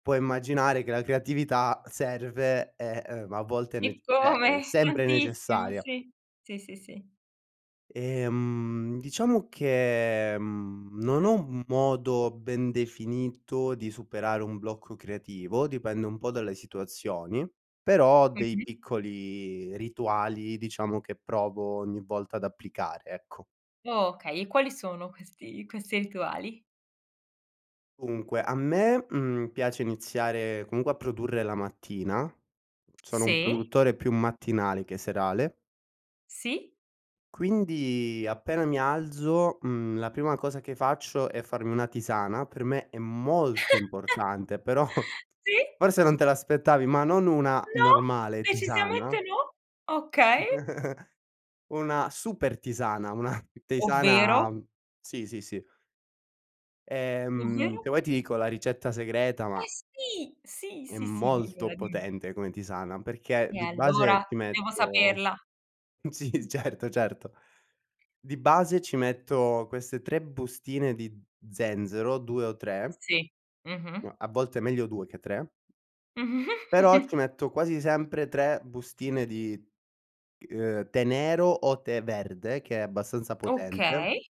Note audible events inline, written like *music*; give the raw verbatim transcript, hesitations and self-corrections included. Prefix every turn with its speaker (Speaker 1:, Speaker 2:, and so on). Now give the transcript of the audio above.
Speaker 1: Puoi immaginare che la creatività serve e, ehm, a volte è nec cioè, è
Speaker 2: Eccome!
Speaker 1: sempre
Speaker 2: Tantissimo,
Speaker 1: necessaria.
Speaker 2: sì. Sì, sì, sì.
Speaker 1: Ehm, diciamo che, mhmm, non ho un modo ben definito di superare un blocco creativo. Dipende un po' dalle situazioni, però ho dei
Speaker 2: Mh-mh.
Speaker 1: piccoli rituali, diciamo, che provo ogni volta ad applicare, ecco.
Speaker 2: Okay e quali sono questi questi rituali?
Speaker 1: Dunque a me, mhmm, piace iniziare, comunque, a produrre la mattina. Mhmm, sono un
Speaker 2: Sì?
Speaker 1: produttore più mattinale che serale.
Speaker 2: Sì?
Speaker 1: Quindi appena mi alzo, mhmm, la prima cosa che faccio è farmi una tisana. Per me è molto importante, però
Speaker 2: *chuckles* Sì?
Speaker 1: forse non te l'aspettavi, ma non una
Speaker 2: No,
Speaker 1: normale
Speaker 2: decisamente
Speaker 1: tisana
Speaker 2: no! Okay.
Speaker 1: *chuckles* una super tisana, una *chuckles*
Speaker 2: Ovvero?
Speaker 1: tisana sì, sì, sì. Ehm,
Speaker 2: Ovvero?
Speaker 1: se vuoi ti dico la ricetta segreta, ma
Speaker 2: Eh sì! Sì,
Speaker 1: è
Speaker 2: sì, sì,
Speaker 1: molto
Speaker 2: dimmela, dim
Speaker 1: potente come tisana perché
Speaker 2: E
Speaker 1: di
Speaker 2: allora
Speaker 1: base ti
Speaker 2: devo
Speaker 1: metto
Speaker 2: saperla.
Speaker 1: sì,
Speaker 2: Mh.
Speaker 1: certo, certo. Di base, ci metto queste tre bustine di zenzero, due o tre.
Speaker 2: Sì, mh-mh.
Speaker 1: No, a volte meglio due che tre. Però ci
Speaker 2: *giggles*
Speaker 1: metto quasi sempre tre bustine di, ehm, tè nero o tè verde, che è abbastanza potente.
Speaker 2: Okay.